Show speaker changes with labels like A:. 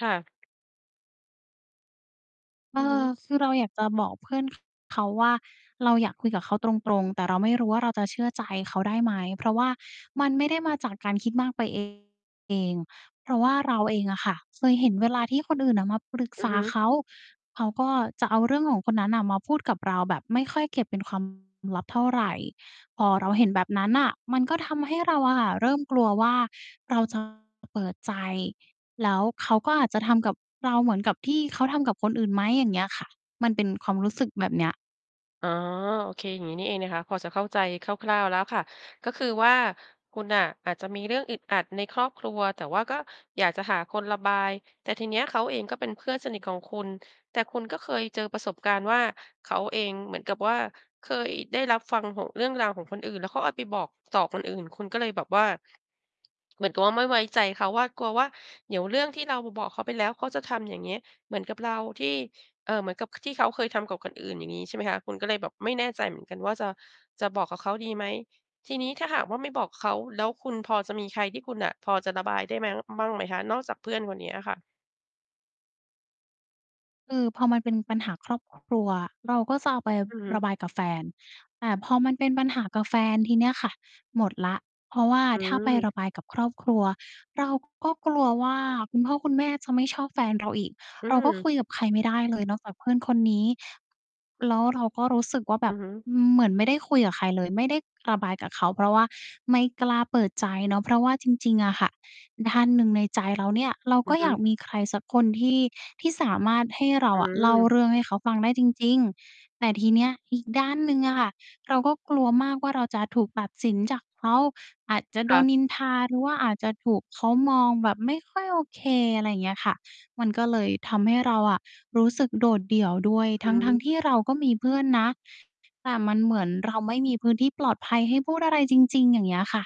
A: ค่ะ
B: เอ
A: อือฮึ
B: อ คือเราอยากจะบอกเพื่อน ข เขาว่า เราอยากคุยกับเขาตรง ๆ แต่เราไม่รู้ว่าเราจะเชื่อใจเขาได้ไหม เพราะว่ามันไม่ได้มาจากการคิดมากไป เอง เพราะว่าเราเองอะค่ะ เคยเห็นเวลาที่คนอื่นอะมาปรึก
A: อื
B: ษ
A: อ
B: า
A: ฮึ
B: เขา เขาก็จะเอาเรื่องของคนนั้นน่ะมาพูดกับเราแบบไม่ค่อยเก็บเป็น ความ ลับเท่าไร พอเราเห็นแบบนั้นน่ะ มันก็ทำให้เราอะค่ะ เริ่มกลัวว่าเรา จะ เปิดใจ แล้วเขาก็อาจจะทำกับเราเหมือนกับที่เขาทำกับคนอื่นไหม อย่างเงี้ยอะค่ะ มันเป็นความรู้สึกแบบเนี้ย
A: อ๋อ โอเค อย่างนี้นี่เองนะคะ พอจะเข้าใจคร่าว ๆ แล้วค่ะ ก็คือว่าคุณน่ะอาจจะมีเรื่องอึดอัดในครอบครัว แต่ว่าก็อยากจะหาคนระบาย แต่ทีเนี้ยเขาเองก็เป็นเพื่อนสนิทของคุณ แต่คุณก็เคยเจอประสบการณ์ว่าเขาเองเหมือนกับว่าเคยได้รับฟังของ เรื่องราวของคนอื่นเขาเอาไปบอกต่อคนอื่น คุณก็เลยแบบว่า เหมือนกับว่าไม่ไว้ใจเขาว่า กลัวว่าเดี๋ยวเรื่องที่เราบอกเขาไปแล้ว เขาจะทำอย่างเงี้ย เหมือนกับเราที่ เอ่อ เหมือนกับที่เขาเคยทำกับคนอื่นอย่างงี้ ใช่ไหมคะ คุณก็เลยแบบไม่แน่ใจเหมือนกันว่าจะ จะบอกกับเขาดีไหม ทีนี้ถ้าหากว่าไม่บอกเขาแล้วคุณพอจะมีใครที่คุณน่ะพอจะระบายได้มั้ง บ้างไหมคะ นอกจากเพื่อนคนนี้อะค่ะ?
B: คือพอมันเป็นปัญหาครอบ ครัว เราก็จะเอาไป
A: อือฮึ
B: ระบายกับแฟน แต่พอมันเป็นปัญหากับแฟนทีเนี้ยค่ะ หมดแล้ว เพราะว่า
A: อื
B: ถ้าไประ
A: ม
B: บายกับครอบครัวเราก็กลัวว่าคุณพ่อคุณแม่จะไม่ชอบแฟนเราอีก
A: อื
B: เราก็
A: ม
B: คุยกับใครไม่ได้เลยนอกจากเพื่อนคนนี้ แล้วเราก็รู้สึกว่าแบ
A: อื
B: บ
A: อฮึ
B: เหมือนไม่ได้คุยกับใครเลย ไม่ได้ระบายกับเขา เพราะว่าไม่กล้าเปิดใจเนาะเพราะว่าจริง ๆ อะค่ะ ด้านหนึ่งในใจเราเนี่ยเรา
A: อ
B: ก
A: ื
B: ็
A: อฮ
B: อยาก
A: ึ
B: มีใครสักคนที่ ที่สามารถให้เรา
A: อื
B: อะเล่า
A: ม
B: เรื่องให้เขาฟังได้จริง ๆ แต่ทีเนี้ยอีกด้านหนึ่งอะค่ะ เราก็กลัวมากว่าเราจะถูกตัดสินจากเขา อาจจะโ
A: ค
B: ด
A: ่ะ
B: นนินทา หรือว่าอาจจะถูกเขามองแบบไม่ค่อยโอเค อะไรอย่างเงี้ยค่ะ มันก็เลยทำให้เราอะ รู้สึกโดดเดี่ยวด้วย
A: อ
B: ท
A: ืม
B: ั้ง ๆ ที่เราก็มีเพื่อนนะ แต่มันเหมือนเราไม่มีพื้นที่ปลอดภัยให้พูดอะไรจริง ๆ อย่างเงี้ยอะค่ะ